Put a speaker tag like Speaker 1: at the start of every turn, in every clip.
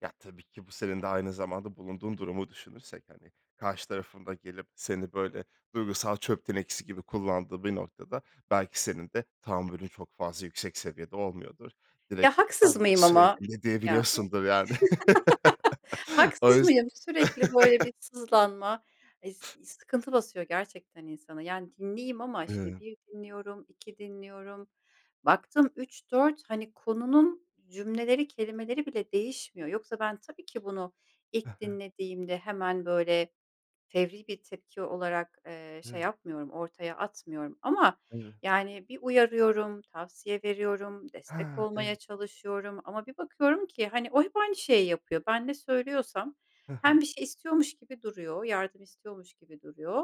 Speaker 1: Ya, tabii ki bu senin de aynı zamanda bulunduğun durumu düşünürsek, hani, karşı tarafın da gelip seni böyle duygusal çöp tenekesi gibi kullandığı bir noktada, belki senin de tahammülün çok fazla yüksek seviyede olmuyordur.
Speaker 2: Ya,
Speaker 1: Direkt,
Speaker 2: haksız mıyım
Speaker 1: [unintelligible]
Speaker 2: ama?
Speaker 1: de
Speaker 2: Yani.
Speaker 1: diyebiliyorsundur, yani. O
Speaker 2: Haksız
Speaker 1: yüz
Speaker 2: mıyım? Sürekli, böyle, bir sızlanma, eee, ıs sıkıntı basıyor gerçekten insana, yani, dinleyeyim ama şimdi
Speaker 1: Hıı.
Speaker 2: 1 dinliyorum, 2 dinliyorum. Baktım 3, 4, hani, konunun cümleleri, kelimeleri bile değişmiyor. Yoksa ben tabii ki bunu
Speaker 1: He
Speaker 2: ilk
Speaker 1: he.
Speaker 2: dinlediğimde hemen, böyle, fevri bir tepki olarak, eee, şey
Speaker 1: Hı.
Speaker 2: yapmıyorum. Ortaya atmıyorum ama,
Speaker 1: Evet.
Speaker 2: yani, bir uyarıyorum, tavsiye veriyorum, destek
Speaker 1: Ha!
Speaker 2: olmaya
Speaker 1: Evet.
Speaker 2: çalışıyorum. Ama bir bakıyorum ki, hani, o hep aynı şeyi yapıyor. Ben ne söylüyorsam
Speaker 1: Hı hı.
Speaker 2: hem bir şey istiyormuş gibi duruyor, yardım istiyormuş gibi duruyor.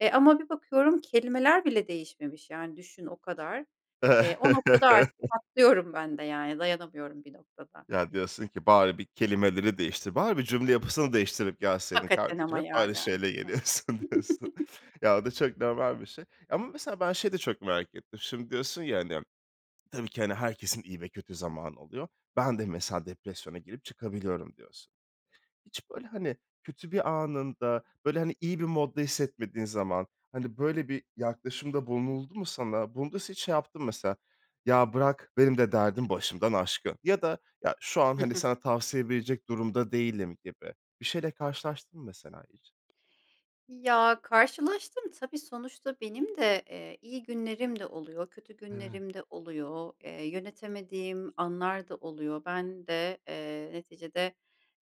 Speaker 2: E, ama bir bakıyorum kelimeler bile değişmemiş, yani, düşün o kadar, eee, o noktada artık patlıyorum ben de, yani. Dayanamıyorum bir noktada.
Speaker 1: Ya, diyorsun ki, "Bari bir kelimeleri değiştir, bari bir cümle yapısını değiştirip gelseydin
Speaker 2: Hakikaten
Speaker 1: kardeşim,
Speaker 2: ama
Speaker 1: hep
Speaker 2: ya,
Speaker 1: aynı
Speaker 2: yani.
Speaker 1: şeyle geliyorsun." diyorsun. Ya, o da çok normal bir şey ya ama, mesela, ben şeyi de çok merak ettim. Şimdi diyorsun ya, hani, "Tabii ki, hani, herkesin iyi ve kötü zamanı oluyor. Ben de, mesela, depresyona girip çıkabiliyorum." diyorsun. Hiç, böyle, hani, kötü bir anında, böyle, hani, iyi bir modda hissetmediğin zaman, hani, böyle bir yaklaşımda bulunuldu mu sana? Bunda sen hiç şey yaptın mı, mesela? "Ya bırak, benim de derdim başımdan aşkın." ya da "Ya şu,
Speaker 2: Hı
Speaker 1: hani,
Speaker 2: hı.
Speaker 1: sana tavsiye verecek durumda değilim." gibi bir şeyle karşılaştın mı, mesela, hiç?
Speaker 2: Ya, karşılaştım tabii, sonuçta benim de, eee, iyi günlerim de oluyor kötü
Speaker 1: Hıı.
Speaker 2: günlerim de oluyor. Eee, yönetemediğim anlar da oluyor. Ben de, eee, neticede,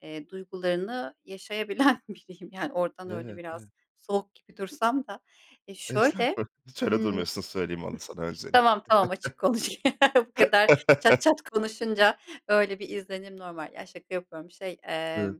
Speaker 2: eee, duygularını yaşayabilen biriyim, yani, oradan öyle
Speaker 1: Evet, e
Speaker 2: biraz soğuk gibi dursam da, e, şöyle,
Speaker 1: Estağfurullah. Hiç öyle
Speaker 2: ımm
Speaker 1: durmuyorsun, söyleyeyim onu sana
Speaker 2: Tamam, tamam, açık konuşayım, bu kadar çat
Speaker 1: öncelikle.
Speaker 2: çat konuşunca öyle bir izlenim normal. Ya, şaka yapıyorum, şey, eemm
Speaker 1: [unintelligible]